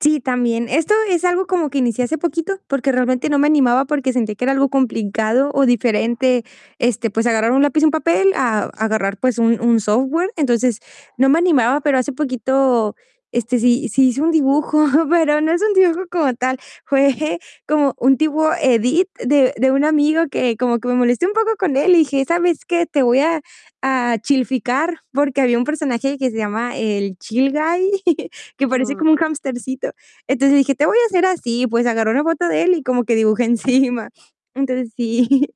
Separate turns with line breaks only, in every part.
Sí, también. Esto es algo, como que inicié hace poquito, porque realmente no me animaba, porque sentí que era algo complicado o diferente, este, pues, agarrar un lápiz, y un papel, a agarrar, pues, un un software. Entonces, no me animaba, pero hace poquito, este, sí sí hice un dibujo, pero no es un dibujo, como tal. Fue como un tipo edit, de de un amigo, que como que me molesté un poco con él, y dije: "¿Sabes qué? Te voy a a chilficar". Porque había un personaje, que se llama el Chill Guy, que parece como
Ujú.
un hamstercito. Entonces, dije: "Te voy a hacer así". Pues, agarré una foto de él, y como que dibujé encima. Entonces, sí.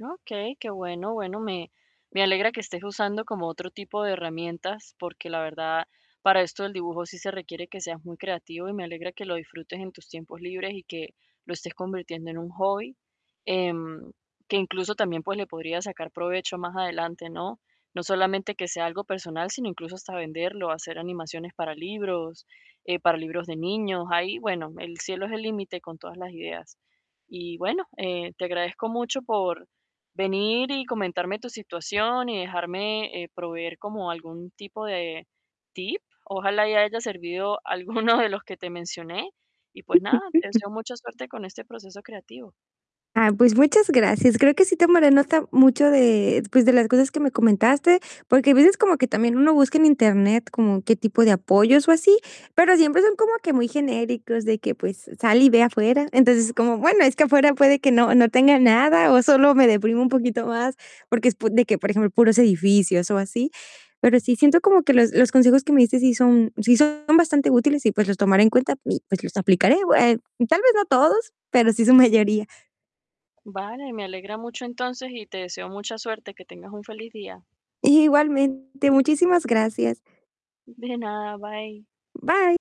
Okey, qué bueno. Bueno, me me alegra que estés usando, como otro tipo de herramientas, porque la verdad, para esto del dibujo, sí se requiere que seas muy creativo, y me alegra, que lo disfrutes en tus tiempos libres, y que lo estés convirtiendo en un hobby, em, que incluso también, pues, le podrías sacar provecho, más adelante, ¿no? No solamente, que sea algo personal, sino incluso, hasta venderlo, hacer animaciones para libros, eh, para libros de niños. Ahí, bueno, el cielo es el límite, con todas las ideas. Y bueno, eh, te agradezco mucho por venir, y comentarme tu situación, y dejarme, eh, proveer, como algún tipo de tip. Ojalá haya servido alguno de los que te mencioné, y pues nada, te
[unintelligible]
deseo mucha suerte con este proceso creativo.
Ah, pues, muchas gracias. Creo, que sí tomaré nota, mucho de pues, de las cosas que me comentaste. Porque a veces, como que también uno busca en Internet, como qué tipo de apoyos, o así, pero siempre son como que muy genéricos, de que pues, sal y ve afuera. Entonces, es como: "Bueno, es que afuera, puede que no no tenga nada, o sólo me deprimo un poquito más". Porque es po de que por ejemplo, puros edificios, o así. Pero sí siento, como que los los consejos que me diste sí son sí son bastante útiles, y pues, los tomaré en cuenta, y pues, los aplicaré. Eh, tal vez, no todos, pero sí su mayoría.
Vale, me alegra mucho, entonces. Y te deseo mucha suerte. Que tengas un feliz día.
Igualmente. Muchísimas gracias.
De nada. Bye.
Bye.